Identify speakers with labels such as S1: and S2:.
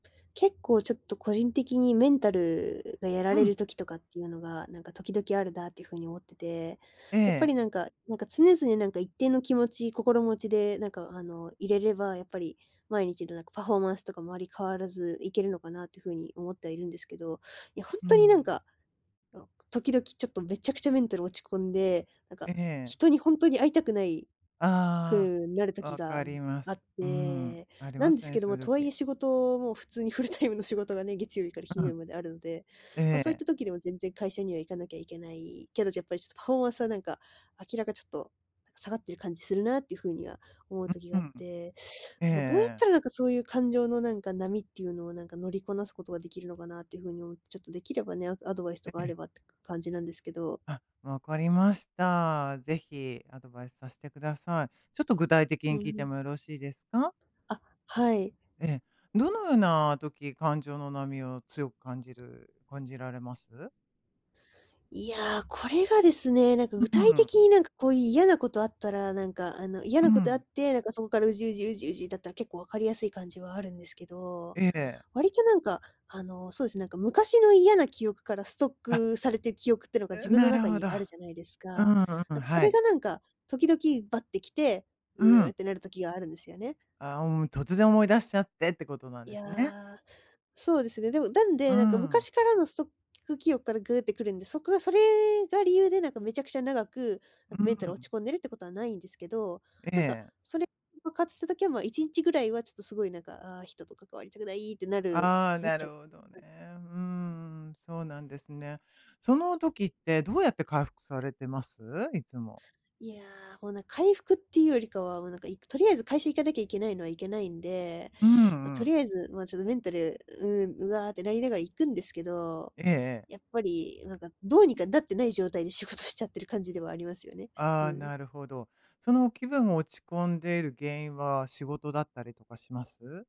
S1: 結構、ちょっと、個人的にメンタルがやら
S2: う
S1: れる
S2: ん。
S1: 時とかっていうのが、なんか、時々あるなっていう風に思ってて、
S2: え
S1: やっぱ
S2: え。
S1: り、なんかなんか、常々、なんか、一定の気持ち心持ちで、なんか、あの、いれれば、やっぱり毎日の、なんか、パフォーマンスとかもあまり変わらずいけるのかなっていう風に思ってはいるんですけど、いや、ほん
S2: うー
S1: とに、なん
S2: ん。
S1: か、と時々、ちょっと、めちゃくちゃメンタル落ち込んで、なんか、
S2: ええええ。
S1: 人にほんとに会いたくない
S2: あ
S1: くなる
S2: あ、
S1: 時
S2: わ
S1: が
S2: か
S1: ん
S2: りま
S1: あ
S2: す。
S1: っ
S2: うーん、
S1: て、
S2: あり
S1: な
S2: ま
S1: ん
S2: す
S1: で
S2: よ
S1: す
S2: ね、
S1: けど
S2: そう
S1: も、
S2: いう
S1: とはい
S2: 時。
S1: え仕事も普通にフルタイムの仕事がね、月曜日から
S2: う、う
S1: 金曜
S2: ん。
S1: 日まであるんで、ま、
S2: え
S1: そういっ
S2: え。
S1: た時でも全然会社には行かなきゃいけない、けどやっぱり、ちょっと、パフォーマンスは、なんか、明らか、ちょっと、下がってる感じするなっていう風には思う
S2: う、
S1: 時
S2: う
S1: があっ
S2: ん。
S1: て、
S2: ええ
S1: どうやっ
S2: え
S1: た
S2: え。
S1: ら、なんか、そういう感情の、なんか、波っていうのを、なんか、乗りこなすことができるのかなっていう風に思って、ちょっと、できればね、アアドバイスと
S2: え
S1: かあ
S2: え。
S1: ればって、か感じなんですけど。
S2: あ、わかりました。ぜひアドバイスさせてください。ちょっと、具体的
S1: う
S2: に
S1: ん
S2: 聞い
S1: う
S2: て
S1: ん。
S2: もよろしいですか？
S1: あ、はい。
S2: ええ、どのような時、感情の波を強く感じる感じられます？
S1: いや、これがですね、なんか
S2: う
S1: 具
S2: うん、
S1: 体的
S2: う
S1: に、
S2: ん。
S1: なんか、こういう嫌なことあったら、なんか、あの、嫌
S2: うー
S1: なことあっ
S2: ん。
S1: て、なんか、そこから、うじうじうじうじだったら結構わかりやすい感じはあるんですけど、
S2: ええ。
S1: 割と、なんか、あの、そうですね、なんか、昔の嫌な記憶からストッ
S2: あ。
S1: クされてる記憶っていうのが自
S2: うん、
S1: 分の
S2: なる
S1: 中
S2: ほ
S1: に
S2: ど。
S1: あるじゃないですか。
S2: うんう
S1: な
S2: ん、
S1: んか、そ
S2: は
S1: れが、
S2: い。
S1: なんか、時々バってきて、
S2: う
S1: う
S2: ー
S1: うっ
S2: ん。
S1: てなる時があるんですよね。
S2: ああ、もう、突然思い出しちゃってってことなん
S1: い
S2: ですね。
S1: や、そうですね。でも、だん
S2: う
S1: で、
S2: ー
S1: なんか、
S2: ん。
S1: 昔からのストック記憶からグーってくるんで、そこがそれが理由で、なんか、めちゃくちゃ長く、な
S2: う
S1: ん
S2: ー
S1: か、メンタル落
S2: ん。
S1: ち込んでるってことはないんですけど、
S2: え
S1: なんか、
S2: え。
S1: それ爆発した時は、ま、1日ぐらいはちょっと凄い、なんか、ああ、人と関わりたくないってなる
S2: ああ、
S1: なっ
S2: な
S1: ちゃ
S2: る
S1: うんで
S2: ほ
S1: すよ。
S2: どね。
S1: はい。
S2: うーん、そうなんですね。その時ってどうやって回復されてます？いつも。
S1: いや、こう、なん回復っていうよりかは、もう、なんか、行くとりあえず会社行かなきゃいけないのは行けないんで、
S2: うん
S1: ま、
S2: う
S1: と
S2: ん。
S1: りあえず、ま、ちょっと、メンタル、うん、うわってなりながら行くんですけど、
S2: ええええ。
S1: やっぱり、なんか、どうにかなってない状態で仕事しちゃってる感じではありますよね。
S2: あ
S1: う
S2: あ、
S1: ん。
S2: なるほど。その、気分が落ち込んでいる原因は仕事だったりとかします？